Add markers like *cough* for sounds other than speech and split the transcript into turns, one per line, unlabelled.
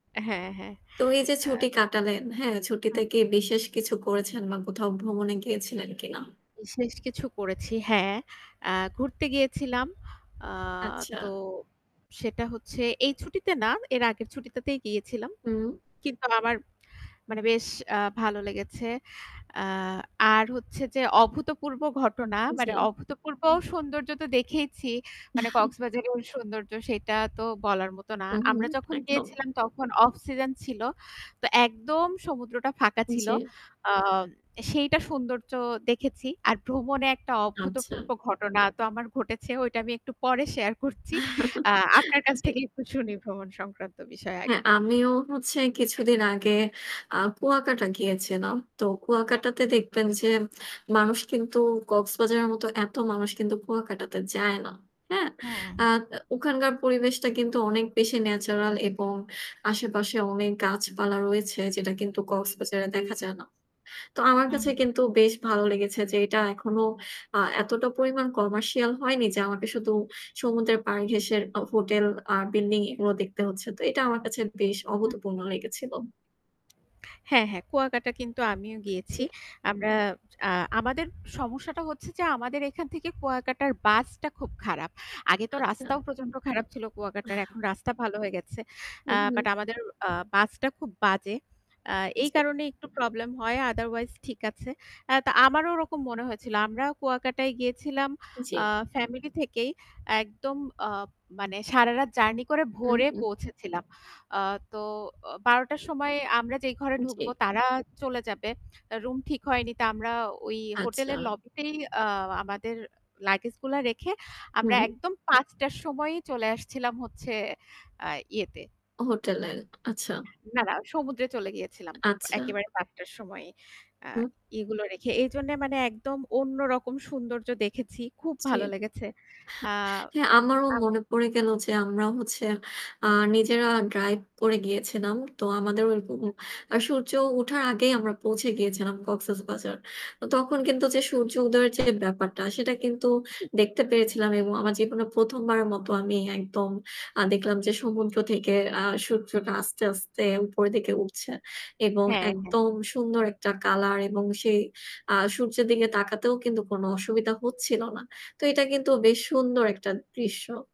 হ্যাঁ, হ্যাঁ।
তো এই যে
অ্যা
ছুটি কাটালেন, হ্যাঁ, ছুটিতে
হু।
কি বিশেষ কিছু করেছেন বা কোথাও ভ্রমণে গিয়েছিলেন কিনা?
বিশেষ কিছু করেছি হ্যাঁ। আ ঘুরতে গিয়েছিলাম। আ
আচ্ছা।
তো সেটা হচ্ছে এই ছুটিতে না এর আগের ছুটিটাতেই গিয়েছিলাম।
হম।
কিন্তু আমার মানে বেশ আ ভালো লেগেছে। আ আর হচ্ছে যে অভূতপূর্ব ঘটনা, মানে
জি।
অভূতপূর্ব সৌন্দর্য তো দেখেইছি। মানে
*chuckles*
কক্সবাজারের সৌন্দর্য সেটা তো বলার মতো না।
হু, হু
আমরা যখন
একদম।
গিয়েছিলাম তখন অফ সিজন ছিল। তো একদম সমুদ্রটা ফাঁকা ছিল।
জি।
আ সেইটা সৌন্দর্য দেখেছি। আর ভ্রমণে একটা
আচ্ছা।
অভূতপূর্ব ঘটনা তো আমার ঘটেছে। ওইটা আমি একটু পরে শেয়ার করছি। আ
*chuckles*
আপনার কাছ
জি।
থেকে একটু শুনি ভ্রমণ সংক্রান্ত বিষয়
হ্যাঁ,
আগে।
আমিও হচ্ছে কিছুদিন আগে আ কুয়াকাটা গিয়েছিলাম। তো
হুম।
কুয়াকাটাতে দেখবেন যে মানুষ কিন্তু কক্সবাজারের মতো এত মানুষ কিন্তু কুয়াকাটাতে যায় না। হ্যাঁ?
হু,
আ
হু।
ওখানকার পরিবেশটা কিন্তু অনেক বেশি ন্যাচারাল এবং আশেপাশে অনেক গাছপালা রয়েছে যেটা কিন্তু কক্সবাজারে দেখা যায় না। তো আমার
হু,
কাছে
হুম।
কিন্তু বেশ ভালো লেগেছে যে এটা এখনো আ এতটা পরিমাণ আ কমার্শিয়াল হয়নি যে আমাকে সমুদ্র পার ঘেঁষে হোটেল আর বিল্ডিং এগুলো দেখতে হচ্ছে। তো এটা আমার কাছে বেশ
হু।
অভূতপূর্ণ লেগেছিল।
হ্যাঁ, হ্যাঁ কুয়াকাটা কিন্তু আমিও
জি।
গিয়েছি। আমরা আ আমাদের সমস্যাটা হচ্ছে যে আমাদের এখান থেকে কুয়াকাটার বাসটা খুব খারাপ। আগে তো রাস্তাও
আচ্ছা।
প্রচন্ড খারাপ ছিল কুয়াকাটার
আহ
এখন রাস্তা ভালো হয়ে গেছে। আ
হুম, হুম।
বাট আমাদের আ বাসটা খুব বাজে। আ এই
জি।
কারণে একটু প্রবলেম হয়। আদারওয়াইজ ঠিক আছে। আ তো আমারও ওরকম মনে হয়েছিল। আমরাও কুয়াকাটায় গিয়েছিলাম আ
জি।
ফ্যামিলি থেকেই একদম আ মানে সারারাত জার্নি করে
হুম,
ভোরে
হুম।
পৌঁছেছিলাম। আ তো অ 12ঃ০০ টার সময় আমরা যেই ঘরে ঢুকবো
জি।
তারা চলে যাবে। রুম ঠিক হয়নি তো আমরা ওই হোটেলের
আচ্ছা।
লবিতেই আ আমাদের লাগেজ গুলা রেখে আমরা
হুম।
একদম 5 টার সময় চলে আসছিলাম হচ্ছে আ ইয়েতে।
হোটেল এ, আচ্ছা।
না, না সমুদ্রে চলে গিয়েছিলাম।
আচ্ছা।
একেবারে 5 টার সময়। আ
হুম।
এগুলো রেখে। এজন্য মানে একদম অন্য রকম সৌন্দর্য দেখেছি। খুব
ছি।
ভালো লেগেছে। আ
আমারও
আমার
মনে পড়ে গেলো যে আমরা হচ্ছে আর আ নিজেরা ড্রাইভ করে গিয়েছিলাম। তো আমাদের ঐরকম
হু।
আ সূর্য উঠার আগেই আমরা পৌঁছে গিয়েছিলাম কক্সবাজার। তো তখন কিন্তু যে সূর্য উদয়ের যে ব্যাপারটা সেটা কিন্তু
হু।
দেখতে পেরেছিলাম এবং আমার জীবনে ১ম বারের মতো আমি একদম আ দেখলাম যে সমুদ্র থেকে সূর্যটা আস্তে, আস্তে উপরের দিকে উঠছে। এবং
হ্যাঁ, হ্যাঁ।
একদম সুন্দর একটা কালার এবং সেই আ সূর্যের দিকে তাকাতেও কিন্তু কোনো অসুবিধা হচ্ছিল না। তো এটা কিন্তু বেশ সুন্দর একটা দৃশ্য।